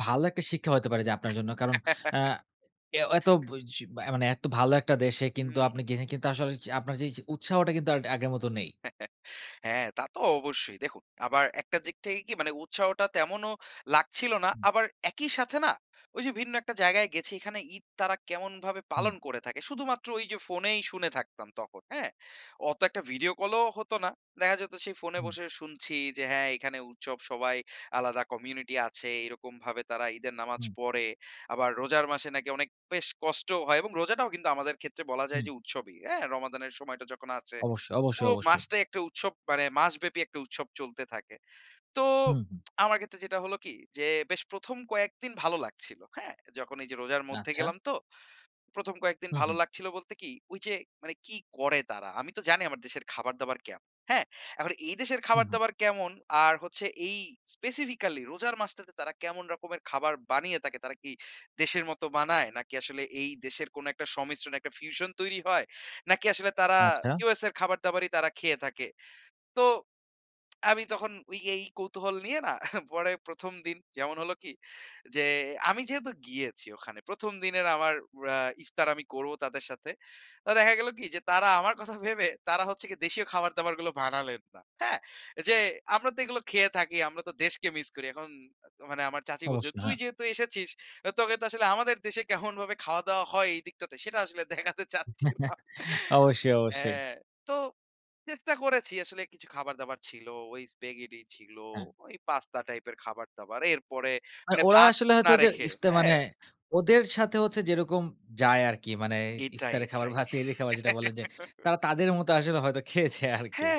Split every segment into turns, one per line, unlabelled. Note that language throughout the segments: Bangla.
ভালো একটা শিক্ষা হইতে পারে যে আপনার জন্য। কারণ আ এ এত জ মানে, এত ভালো একটা দেশে কিন্তু
হুম।
আপনি গেছেন কিন্তু, আসলে য আপনার এইযে উৎসাহটা কিন্তু আর আগের মত নেই।
হ্যা, তা তো অবশ্যই। দেখুন, আবার একটা দিক থেকে কি? মানে, উৎসাহটা তেমনও লাগছিল না।
হুম।
আবার একই সাথে না? ওই যে ভিন্ন একটা জায়গায় গেছি, এখানে ঈদ তারা কেমনভাবে পালন
হুম।
করে থাকে? শুধুমাত্র যে ফোনেই শুনে থাকতাম তখন, হ্যা? অত একটা ভিডিও কল ও হতো না। দেখা যেত সেই ফোনে
হুম।
বসে শুনছি যে হ্যা, এখানে উৎসব, সবাই আলাদা কমিউনিটি আছে, এরকমভাবে তারা ঈদের নামাজ
হুম।
পড়ে। আবার রোজার মাসে নাকি অনেক বেশ কষ্ট হয় এবং রোজাটাও কিন্তু আমাদের ক্ষেত্রে বলা যায়
হুম।
যে উৎসবই, হ্যা? রমাদানের সময়টা যখন আসে,
অবশ্যই, অবশ্যই,
পুরো
অবশ্যই।
মাসটাই একটা উৎসব, মানে মাসব্যাপী একটা উৎসব চলতে থাকে। তো,
হুম, হু।
আমার ক্ষেত্রে যেটা হলো কি? যে, বেশ ১ম কয়েকদিন ভালো লাগছিল, হ্যা? যখন এই যে রোজার মধ্যে
আচ্ছা।
গেলাম তো, ১ম কয়েকদিন
হু,
ভালো
হু।
লাগছিল বলতে কি? ঐযে মানে কি করে তারা? আমি তো জানি, আমার দেশের খাবার দাবার কেমন? হ্যা? এখন এই দেশের
হু,
খাবার
হু।
দাবার কেমন? আর হচ্ছে এই স্পেসিফিকালি রোজার মাসটাতে তারা কেমন রকমের খাবার বানিয়ে থাকে? তারা কি দেশের মতো বানায়, নাকি আসলে এই দেশের কোনো একটা সমিশ্রণ, একটা ফিউশন তৈরি হয়? নাকি আসলে তারা
আচ্ছা।
USA'র খাবার-দাবারই তারা খেয়ে থাকে? তো আমি তখন, ঐ এই কৌতূহল নিয়ে না? পরে ১ম দিন, যেমন হল কি? যে, আমি যেহেতু গিয়েছি ওখানে, ১ম দিনের আমার এ্যা ইফতার আমি করব তাদের সাথে। তো দেখা গেল কি? যে তারা আমার কথা ভেবে তারা হচ্ছে, দেশীয় খাবার দাবার গুলো বানালেন না, হ্যা? যে আমরা তো এগুলো খেয়ে থাকি, আমরা তো দেশকে মিস করি। এখন মানে আমার চাচী বলছে,
অবশ্যই,
"তুই
হ্যা।
যেহেতু এসেছিস, তোকে তো আসলে আমাদের দেশে কেমনভাবে খাওয়া-দাওয়া হয় এইদিকটাতে? সেটা আসলেন দেখাতে চাচ্ছিলাম।"
অবশ্যই,
হ্যা।
অবশ্যই।
তো চেষ্টা করেছি আসলে, কিছু খাবার-দাবার ছিল, ওই স্প্যাগেটি ছিল,
হ্যা।
ওই পাস্তা টাইপের খাবার-দাবার, এরপরে
আ
মানে
ওরা
ভাত
আসলে হয়তো
না
যে
রেখে,
ইফতা
হ্যা?
মানে, ওদের সাথে হচ্ছে যেরকম যায় আরকি মানে,
এটাই,
ইফতারের খাবার
এটাই।
বা সেহেরির খাবার যেটা বলেন যে, তারা তাদের মতো আসলে হয়তো খেয়েছে আরকি।
হ্যা,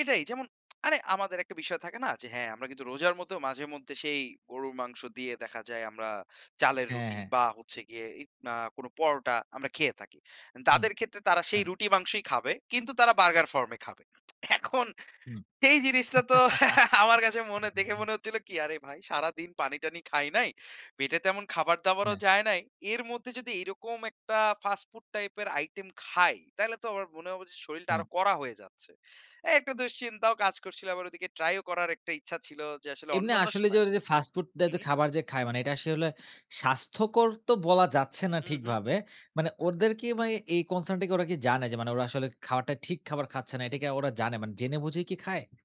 এটাই। যেমন, আরে আমাদের একটা বিষয় থাকে না? যে হ্যা, আমরা কিন্তু রোজার মধ্যেও, মাঝে-মধ্যে সেই গরুর মাংস দিয়ে দেখা যায় আমরা চালের
হ্যা,
রুটি
হ্যা।
বা হচ্ছে গিয়ে ইক না, পরোটা আমরা খেয়ে থাকি।
হুম,
তাদের ক্ষেত্রে তারা
হ্যা।
সেই রুটি মাংসই খাবে, কিন্তু তারা বার্গার ফর্ম এ খাবে। এখন
হুম।
সেই জিনিসটা তো আমার কাছে মনে, দেখে মনে হচ্ছিল কি? "আরে ভাই, সারাদিন পানি টানি খাই নাই, পেটে তেমন খাবার দাবারও
হ্যা।
যায় নাই, এর মধ্যে যদি এরকম একটা, ফাস্ট ফুড টাইপ এর আইটেম খাই? তাইলে তো আমার মনে হবে যে, শরীলটা
হ্যা।
আরো কড়া হয়ে যাচ্ছে।" একটা দুশ্চিন্তাও কাজ করছিলো, আবার ওদিকে ট্রাই করার একটা ইচ্ছা ছিল যে, আসলে
এমনি
অন্যান্য
আসলে যে
সময়
ওরা যে
আসলে তো
ফাস্ট ফুড দেয়
হু,
তো
হুম।
খাবার যে খায়, মানে এটা আসলে স্বাস্থ্যকর তো বলা যাচ্ছে না
হুম, হুম।
ঠিকভাবে। মানে ওদের কি ভাই, এই কনসার্ন টা কি ওরা কি জানে যে, ওরা আসলে খাবারটা ঠিক খাবার খাচ্ছে না? এটা কি ওরা জানে, মানে জেনে বুঝেই কি খায়?